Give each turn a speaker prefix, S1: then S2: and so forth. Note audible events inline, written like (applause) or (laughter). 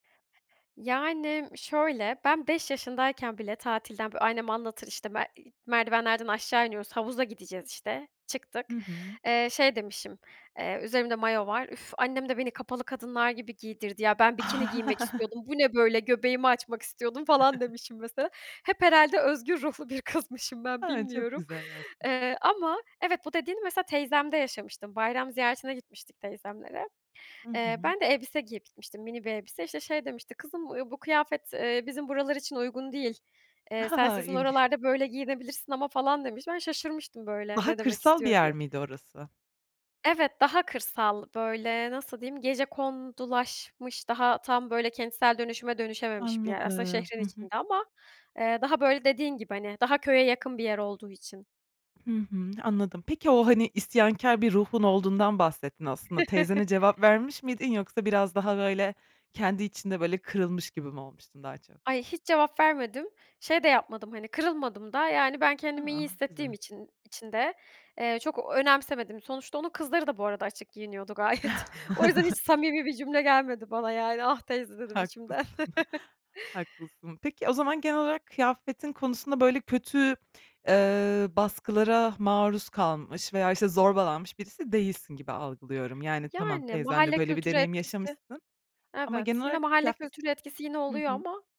S1: Yani şöyle, ben 5 yaşındayken bile tatilden bö annem anlatır işte be i merdivenlerden aşağı iniyoruz, havuza gideceğiz işte, çıktık.
S2: Hı hı.
S1: Eee, şey demişim, eee üzerimde mayo var "Üf, annem de beni kapalı kadınlar gibi giydirdi ya, ben bikini giymek
S2: (chuckles)
S1: istiyordum. Bu ne böyle? Göbeğimi açmak istiyordum." falan
S2: (giggles)
S1: demişim mesela. Hep herhâlde özgür ruhlu bir kızmışım ben,
S2: A, çok
S1: bilmiyorum.
S2: güzel aslında.
S1: Eee, ama evet bu dediğini mesela teyzemde yaşamıştım. Bayram ziyaretine gitmiştik teyzemlere.
S2: Hı
S1: Eee,
S2: hı.
S1: ben de elbise giyip gitmiştim. Mini bir elbise. İşte şey demişti: "Kızım, eee, bu kıyafet, eee, bizim buralar için uygun değil. Eee, sen
S2: (giggles)
S1: sizin
S2: İlginç.
S1: oralarda böyle giyinebilirsin ama." falan demiş. Ben şaşırmıştım böyle
S2: Daha
S1: ne demek
S2: kırsal bir
S1: istiyor
S2: yer
S1: diye.
S2: miydi orası?
S1: Evet daha kırsal böyle, nasıl diyeyim, gecekondulaşmış, daha tam böyle kentsel dönüşüme dönüşememiş bir yer aslında
S2: Anladım.
S1: şehrin
S2: Hı hı.
S1: içinde ama, eee, daha böyle dediğin gibi hani daha köye yakın bir yer olduğu için.
S2: Hı hı, anladım. Peki o hani isyankâr bir ruhun olduğundan bahsettin aslında. Teyzene cevap
S1: (chuckles)
S2: vermiş miydin, yoksa biraz daha böyle kendi içinde, böyle kırılmış gibi mi olmuştun daha çok?
S1: Ay, hiç cevap vermedim. Şey de yapmadım hani kırılmadım da yani ben kendimi iyi
S2: A!
S1: hissettiğim
S2: Güzel.
S1: için için de, eee, çok ö önemsemedim. Sonuçta onun kızları da bu arada açık giyiniyordu gayet. (chuckles) O yüzden hiç
S2: (chuckles)
S1: samimi bir cümle gelmedi bana yani "Ah, teyze." dedim içimden.
S2: Haklısın,
S1: (chuckles)
S2: haklısın. Peki o zaman genel olarak kıyafetin konusunda böyle kötü, eee, baskılara maruz kalmış veya, işte, zorbalanmış birisi değilsin gibi algılıyorum. Yani tamam
S1: Yani
S2: teyzenle
S1: mahalle
S2: böyle bir
S1: kültürü
S2: deneyim
S1: etkisi
S2: yaşamışsın ama genel
S1: Evet yine
S2: olarak
S1: mahalle
S2: kıyafet s
S1: kültürü etkisi yine
S2: Hı
S1: oluyor
S2: hı.
S1: ama